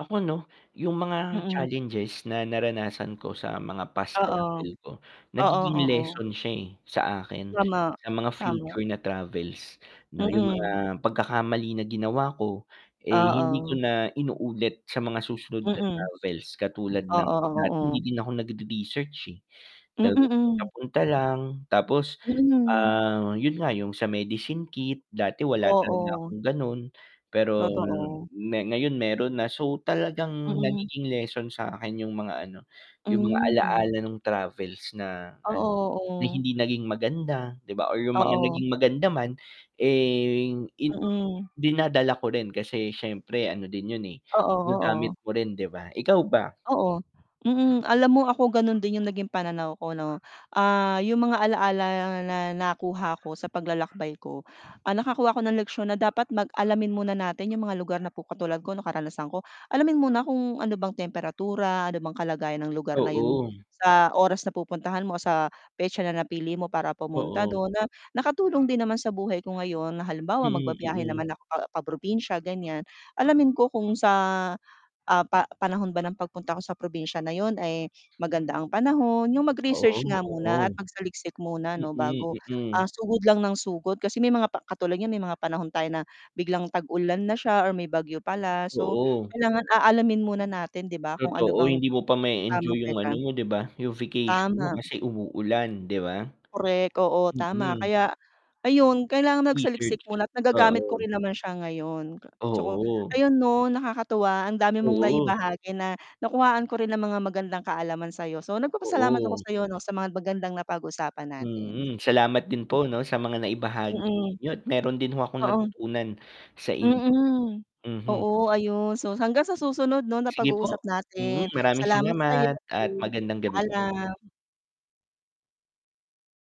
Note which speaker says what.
Speaker 1: Ako, 'no, 'yung mga
Speaker 2: Mm.
Speaker 1: challenges na naranasan ko, sa mga past
Speaker 2: Oo.
Speaker 1: travel ko,
Speaker 2: Oo,
Speaker 1: nagiging
Speaker 2: oo.
Speaker 1: lesson siya, eh, sa akin,
Speaker 2: Tama,
Speaker 1: sa mga
Speaker 2: tama.
Speaker 1: future na travels, 'no, 'yung mga
Speaker 2: Mm.
Speaker 1: pagkakamali na ginawa ko, eh, hindi ko
Speaker 2: Oo.
Speaker 1: na inuulit sa mga susunod na
Speaker 2: Mm.
Speaker 1: travels. Katulad ng
Speaker 2: Oo,
Speaker 1: dati hindi
Speaker 2: oo.
Speaker 1: din ako nagre-research, eh,
Speaker 2: Mm,
Speaker 1: talagang
Speaker 2: hmm.
Speaker 1: papunta lang, tapos,
Speaker 2: Mm.
Speaker 1: ah, 'yon nga, 'yung sa medicine kit, dati, wala talaga
Speaker 2: Oo.
Speaker 1: akong gano'n, pero
Speaker 2: Totoo.
Speaker 1: me ngayon meron na. So, talagang,
Speaker 2: Mm.
Speaker 1: nagiging lesson sa'kin 'yung mga ano, 'yung mga
Speaker 2: Hmm.
Speaker 1: alaala, no'ng travels na,
Speaker 2: Oo,
Speaker 1: an na
Speaker 2: oo.
Speaker 1: hindi naging maganda, 'di ba, or 'yung mga
Speaker 2: Oo.
Speaker 1: naging maganda man, eh, in
Speaker 2: Mm.
Speaker 1: dinadala ko rin, kasi, siyempre ano din 'yon, eh,
Speaker 2: Oo,
Speaker 1: magagamit
Speaker 2: oo.
Speaker 1: mo rin, 'di ba? Ikaw ba?
Speaker 2: Oo, mm. Alam mo ako, gano'n din 'yung naging pananaw ko, 'no. Ah, 'yung mga alaala na nakuha ko, sa paglalakbay ko, ah, nakakuha ako ng leksyon na dapat mag alamin muna natin 'yung mga lugar na pu katulad ko, 'no, karanasan ko, alamin muna kung ano bang temperatura, ano bang kalagayan ng lugar na 'yon
Speaker 1: Oo.
Speaker 2: sa oras na pupuntahan mo, o sa petsa na napili mo para pumunta
Speaker 1: Oo.
Speaker 2: do'n. Na, nakatulong din naman sa buhay ko ngayon na, halimbawa,
Speaker 1: Mm,
Speaker 2: magbibiyahe
Speaker 1: mm.
Speaker 2: naman ako pa pa-probinsya, ganiyan, alamin ko kung sa, ah, pa panahon ba ng pagpunta ko sa probinsya na 'yon ay maganda ang panahon, 'yung mag-research
Speaker 1: Oo,
Speaker 2: nga muna,
Speaker 1: oo'ng.
Speaker 2: at magsaliksik muna, 'no,
Speaker 1: Mm,
Speaker 2: bago,
Speaker 1: mm.
Speaker 2: ah, sugod lang ng sugod. Kasi may mga pa katulad niyan, may mga panahon tayo na biglang tag-ulan na siya, or may bagyo pala. So,
Speaker 1: Oo.
Speaker 2: kailangan aalamin muna natin, 'di ba, kung ano
Speaker 1: Totoo,
Speaker 2: bang,
Speaker 1: hindi mo pa mae-enjoy
Speaker 2: tamang
Speaker 1: 'yung ano
Speaker 2: petsa.
Speaker 1: mo, 'di ba, 'yung vacation mo
Speaker 2: Tama.
Speaker 1: kasi umuulan, 'di ba?
Speaker 2: Korek, oo, tama.
Speaker 1: Mm.
Speaker 2: Kaya, ayun, kailangan
Speaker 1: Research,
Speaker 2: magsaliksik muna, at nagagamit ko
Speaker 1: oo.
Speaker 2: rin naman siya ngayon. K tsaka,
Speaker 1: Oo.
Speaker 2: ayun, 'no, nakakatuwa, ang dami mong
Speaker 1: Oo.
Speaker 2: naibahagi na, nakuhaan ko rin ng mga magandang kaalaman sa'yo. So, nagpapasalamat ako
Speaker 1: Oo.
Speaker 2: sa'yo, 'no, sa mga magandang napag-usapan natin.
Speaker 1: Mm, salamat din po,
Speaker 2: Hmm.
Speaker 1: 'no, sa mga naibahagi
Speaker 2: Mm.
Speaker 1: ninyo at meron din ho akong
Speaker 2: Oo.
Speaker 1: natutunan sa inyo,
Speaker 2: Mm,
Speaker 1: mhm.
Speaker 2: oo. Ayun, so, hanggang sa susunod, 'no, na
Speaker 1: Sige po,
Speaker 2: pag-uusap
Speaker 1: mm.
Speaker 2: natin,
Speaker 1: Maraming
Speaker 2: salamat sa'yo
Speaker 1: salamat at
Speaker 2: din,
Speaker 1: magandang gabi po.
Speaker 2: paalam.